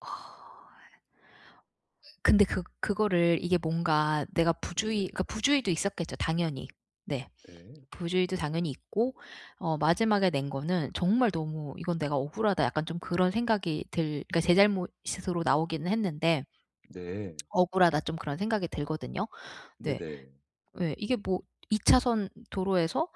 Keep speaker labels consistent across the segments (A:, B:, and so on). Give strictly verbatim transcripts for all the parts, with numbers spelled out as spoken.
A: 근데 그 그거를 이게 뭔가 내가 부주의
B: 네네.
A: 그러니까 부주의도 있었겠죠 당연히. 네.
B: 네.
A: 부주의도 당연히 있고 어 마지막에 낸 거는 정말 너무 '이건 내가 억울하다.' 약간 좀 그런 생각이 들 그러니까 제 잘못으로 나오기는 했는데
B: 네.
A: '억울하다.' 좀 그런 생각이 들거든요. 네.
B: 네네.
A: 예. 이게 뭐 이 차선 도로에서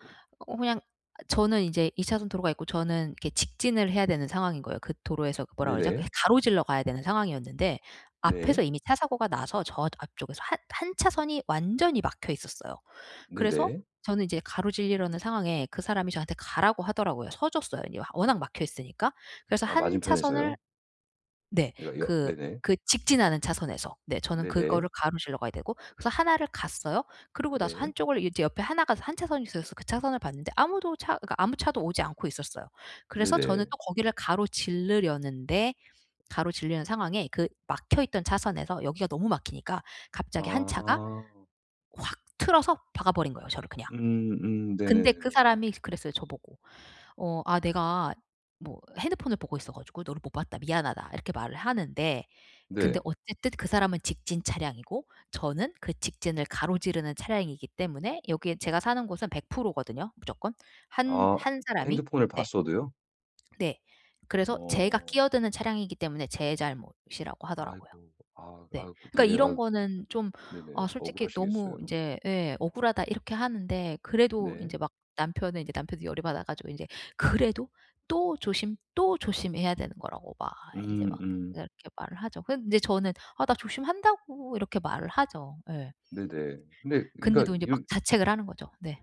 A: 어 그냥 저는 이제 이 차선 도로가 있고 저는 이렇게 직진을 해야 되는 상황인 거예요. 그 도로에서 뭐라 그러죠 예
B: 네네.
A: 가로질러 가야 되는 상황이었는데 앞에서
B: 네.
A: 이미 차 사고가 나서 저 앞쪽에서 한 한 차선이 완전히 막혀 있었어요. 그래서
B: 네네.
A: 저는 이제 가로지르려는 상황에 그 사람이 저한테 가라고 하더라고요. 서 줬어요. 이제 워낙 막혀 있으니까. 그래서
B: 아
A: 한 차선을
B: 맞은편에서요?
A: 네
B: 그러니까 역
A: 그
B: 네네.
A: 그 직진하는 차선에서. 네 저는
B: 네네.
A: 그거를 가로질러 가야 되고. 그래서 하나 를 갔어요. 그러고 나서
B: 네.
A: 한 쪽을 이제 옆에 하나 가 한 차선이 있어서 그 차선을 봤는데 아무도 차 그러니까 아무 차도 오지 않고 있었어요. 그래서 저는
B: 네네.
A: 또 거기를 가로질르려는데 가로지르려는 상황에 그 막혀있던 차선에서 여기가 너무 막히니까 갑자기 한 차가
B: 아.
A: 확 틀어서 박아버린 거예요, 저를 그냥.
B: 음 음
A: 근데 그
B: 네네네네네.
A: 사람이 그랬어요 저보고. 어 '아 내가 뭐 핸드폰을 보고 있어 가지고 너를 못 봤다. 미안하다.' 이렇게 말을 하는데. 근데
B: 네.
A: 어쨌든 그 사람은 직진 차량이고 저는 그 직진을 가로지르는 차량이기 때문에 여기에 제가 사는 곳은 백 프로 거든요, 무조건. 한
B: 아
A: 한 사람이.
B: 핸드폰을
A: 네.
B: 봤어도요?
A: 네. 그래서 제가
B: 어.
A: 끼어드는 차량이기 때문에 제 잘못이라고 하더라고요.
B: 아이고 아
A: 네.
B: 아
A: 그러니까
B: 그때 아
A: 이런 거는 좀 아
B: 네네
A: 솔직히 너무
B: 억울하시겠어요.
A: 이제 예 '억울하다.' 이렇게 하는데 그래도
B: 네.
A: 인제 막 남편은 인제 남편도 열이 받아 가지고 인제 그래도 또 조심 또 조심해야 되는 거라고 막 인제
B: 음
A: 막
B: 음.
A: 이렇게 말을 하죠. 근데 저는 아 '나 조심한다.'고 이렇게 말을 하죠. 예.
B: 네네. 근데 그러니까
A: 근데도 이제 막
B: 이거
A: 자책을 하는 거죠. 네.